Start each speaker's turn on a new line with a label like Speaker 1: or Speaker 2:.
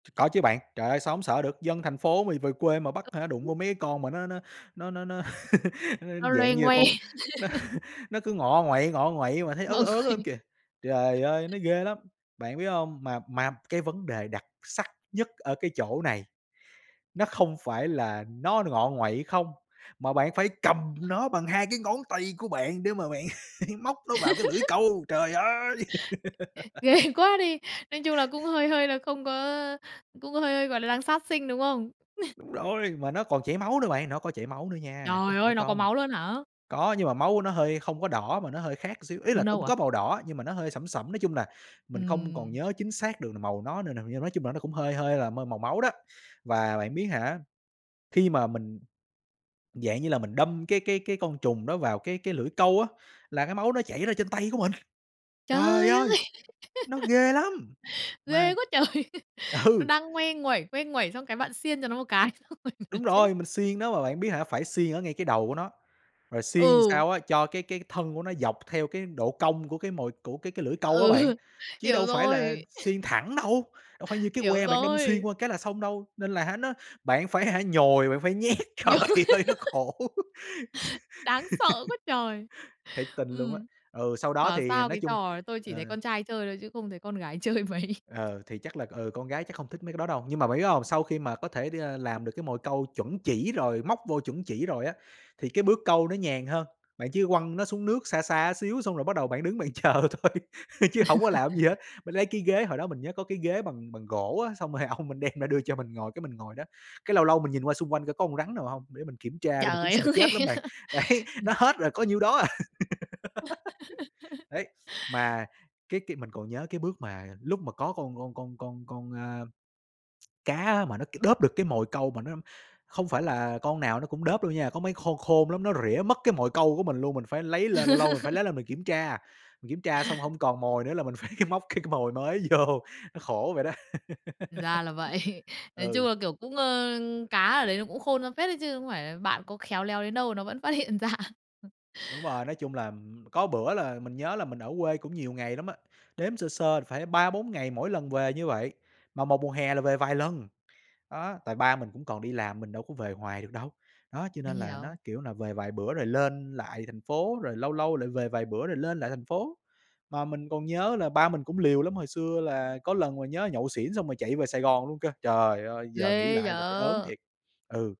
Speaker 1: Có chứ bạn, trời ơi, sao hông sợ được? Dân thành phố mì về quê mà bắt, hả, đụng vô
Speaker 2: [unintelligible]
Speaker 1: mấy cái con mà nó nó nó nó nó nó
Speaker 2: Nó
Speaker 1: dạng
Speaker 2: loe
Speaker 1: như là
Speaker 2: ngoe.
Speaker 1: con nó nó cứ ngọ nguậy ngọ nguậy mà thấy ớn
Speaker 2: Mọi
Speaker 1: ớn
Speaker 2: người
Speaker 1: lắm kìa. Trời ơi, nó ghê lắm! Bạn biết hông, mà mà cái vấn đề đặc sắc nhất ở cái chỗ này, nó không phải là nó ngọ nguậy không, mà bạn phải cầm nó bằng 2 cái ngón tay của bạn để mà bạn móc nó vào cái lưỡi câu, trời ơi!
Speaker 2: Ghê quá đi! Nói chung là cũng hơi hơi là không có cũng hơi hơi gọi là đang sát sinh, đúng hông?
Speaker 1: Đúng rồi, mà nó còn chảy máu nữa bạn, nó có chảy máu nữa nha, chứ
Speaker 2: Trời
Speaker 1: không phải
Speaker 2: ơi, nó có
Speaker 1: không.
Speaker 2: máu luôn hả?
Speaker 1: Có, nhưng mà máu nó hơi không có đỏ mà nó hơi khác xíu, ý
Speaker 2: Nâu
Speaker 1: là cũng
Speaker 2: nâu à?
Speaker 1: có màu đỏ nhưng mà nó hơi sẫm sẫm, nói chung là mình không còn
Speaker 2: Ừm.
Speaker 1: nhớ chính xác được màu nó n nào nhưng nói chung là nó cũng hơi hơi là mơi màu máu đó. Và bạn biết hả, khi mà mình, dạng như là, mình đâm cái cái cái con trùng đó vào cái cái lưỡi câu á, là cái máu nó chảy ra trên tay của mình. Trời
Speaker 2: Trời ơi!
Speaker 1: ơi, nó ghê lắm! Mà
Speaker 2: Ghê quá trời! Nó
Speaker 1: ừ.
Speaker 2: đang ngoe nguẩy, ngoe nguẩy xong cái bạn xiên cho nó một cái, xong rồi nó
Speaker 1: Đúng
Speaker 2: chết.
Speaker 1: rồi, mình xiên nó, mà bạn biết hả phải xiên ở ngay cái đầu của nó, rồi xiên làm
Speaker 2: Ừ.
Speaker 1: sao á cho cái cái thân của nó dọc theo cái độ cong của cái mồi của cái cái lưỡi câu á bạn,
Speaker 2: Ừ,
Speaker 1: chứ
Speaker 2: hiểu
Speaker 1: đâu phải là
Speaker 2: rồi.
Speaker 1: xiên thẳng đâu, đâu phải như cái
Speaker 2: Hiểu
Speaker 1: que bạn đâm xuyên
Speaker 2: rồi!
Speaker 1: qua cái là xong đâu, nên là nó bạn phải, hả, nhồi, bạn phải nhét. Trời
Speaker 2: Nhồi.
Speaker 1: ơi, nó khổ!
Speaker 2: Đáng sợ quá trời!
Speaker 1: Thiệt tình luôn á.
Speaker 2: Ừm.
Speaker 1: Ừ, sau đó
Speaker 2: Bảo
Speaker 1: thì
Speaker 2: sao
Speaker 1: nói
Speaker 2: cái
Speaker 1: chung
Speaker 2: trò này tôi chỉ thấy
Speaker 1: ờ.
Speaker 2: con trai chơi thôi chứ không thấy con gái chơi mấy.
Speaker 1: Ờ, thì chắc là, ừ, con gái chắc không thích mấy cái đó đâu, nhưng mà bạn biết không? Sau khi mà có thể đưa làm được cái mồi câu chuẩn chỉ rồi móc vô chuẩn chỉ rồi á, thì cái bước câu nó nhàn hơn, bạn chỉ quăng nó xuống nước xa xa xíu, xong rồi bắt đầu bạn đứng bạn chờ thôi chứ hổng có làm cái gì hết. Mình lấy cái ghế, hồi đó mình nhớ có cái ghế bằng bằng gỗ á, xong rồi ông mình đem ra đưa cho mình ngồi cái mình ngồi đó, cái lâu lâu mình nhìn qua xung quanh coi có con rắn nào hông, để mình kiểm tra luôn, mình cũng
Speaker 2: Trời
Speaker 1: sợ
Speaker 2: ơi!
Speaker 1: chết lắm bạn. Đấy, nó hết rồi, có nhiêu đó à. Ấy, mà cái cái mình còn nhớ cái bước mà lúc mà có con con con con con, a, cá mà nó kịp đớp được cái mồi câu mà nó không phải là con nào nó cũng đớp đâu nha, có mấy khôn khôn lắm, nó rỉa mất cái mồi câu của mình luôn, mình phải lấy lên, lâu lâu mình phải lấy lên mình kiểm tra, mình kiểm tra xong hông còn mồi nữa là mình phải móc cái cái mồi mới vô, nó khổ vậy đó.
Speaker 2: Ra là vậy. Nói chung
Speaker 1: Ừ.
Speaker 2: là kiểu cũng, ờ cá ở đấy nó cũng khôn ra phết đấy chứ không phải là bạn có khéo léo đến đâu nó vẫn phát hiện ra.
Speaker 1: Đúng rồi, nói chung là, ừm, có bữa là mình nhớ là mình ở quê cũng nhiều ngày lắm á, đếm sơ sơ phải 3-4 ngày mỗi lần về như vậy, mà một mùa hè là về vài lần. Đó, tại ba mình cũng còn đi làm, mình đâu có về hoài được đâu, đó, cho
Speaker 2: Mình
Speaker 1: nên là nó
Speaker 2: hiểu.
Speaker 1: kiểu là về vài bữa rồi lên lại thành phố, rồi lâu lâu lại về vài bữa rồi lên lại thành phố. Mà mình còn nhớ là ba mình cũng liều lắm, hồi xưa là có lần ngồi nhớ nhậu xỉn xong rồi chạy về Sài Gòn luôn cơ. Trời ơi, giờ nghĩ
Speaker 2: Ghê
Speaker 1: lại là thấy ớn
Speaker 2: vậy!
Speaker 1: thiệt! Ừ.